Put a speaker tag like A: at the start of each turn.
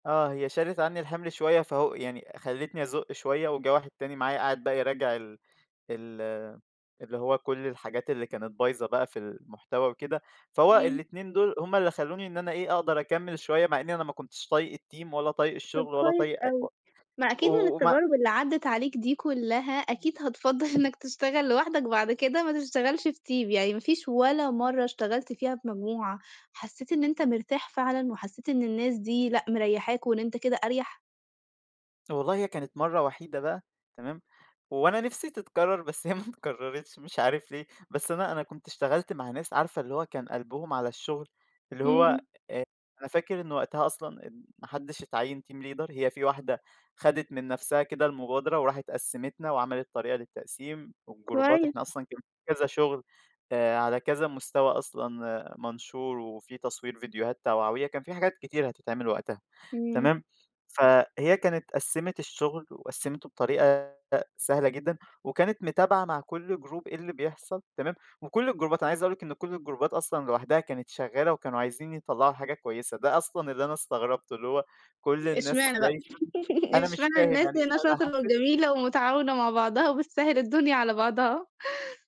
A: آه هي شالت عنّي الحمل شوية، فهو يعني خلّتني أزُقّ شوية، وجَه واحد تاني معايا قاعد بقى يراجع ال ال اللي هو كُلّ الحاجات اللي كانت بايظة بقى في المحتوى وكده، فهو
B: إمم.
A: الاتنين دول هُم اللي خلّوني إن أنا إيه أقدر أكمل شوية، مع إنّي أنا ما كنتش طايق الteam ولا طايق
B: طَب
A: الشغل ولا
B: كويس
A: طايق أ
B: أوي، ما أكيد من
A: وما
B: التجارب اللي عدِّت عليك دي كلّها أكيد هتفضّل إنك تشتغل لوحدك بعد كده ما تشتغلش في team، يعني ما فيش ولا مَرّة اشتغلت فيها في مجموعة حسّيت إن أنت مرتاح فعلًا وحسّيت إن الناس دي لأ مريّحاك وإن أنت كده أريح؟
A: والله هي كانت مَرّة وحيدة بقى تمام، وأنا نِفسي تتكرر بس هي ما تكررتش مش عارف ليه، بس أنا أنا كنت اشتغلت مع ناس عارفة اللي هو كان قلبهم على الشغل، اللي هو
B: إمم.
A: آآ، أنا فاكر إن وقتها أصلًا ما حدِّش اتعيّن team leader هي في واحدة خَدِت من نَفسها كده المبادرة وراحت قسّمتَنا وعملت طريقة للتقسيم والجروبات،
B: كويس.
A: إحنا أصلًا كن كذا شغل آآ، على كذا مستوى أصلًا منشور وفي تصوير فيديوهات توعوية كان في حاجات كتيرة هتتعمل وقتها،
B: إمم.
A: تمام، فهي كانت قسّمت الشغل وقسّمته بطريقة سهلة جدًا وكانت متابعة مع كُلّ جروب إيه اللي بيحصل تمام، وكُلّ الجروبات أنا عايز أقول لِك إن كُلّ الجروبات أصلًا لوحدها كانت شغالة وكانوا عايزين يطلّعوا حاجة كويسة، ده أصلًا اللي أنا استغربته، اللي هو كُلّ الناس
B: اشمعنا بقى؟
A: دايسة أنا مش
B: اشمعنا
A: فاهم
B: الناس
A: يعني
B: هنا
A: أنا
B: شاطرة
A: حسِّيت
B: وجميلة ومتعاونة مع بعضها وبتسهِّل الدنيا على بعضها.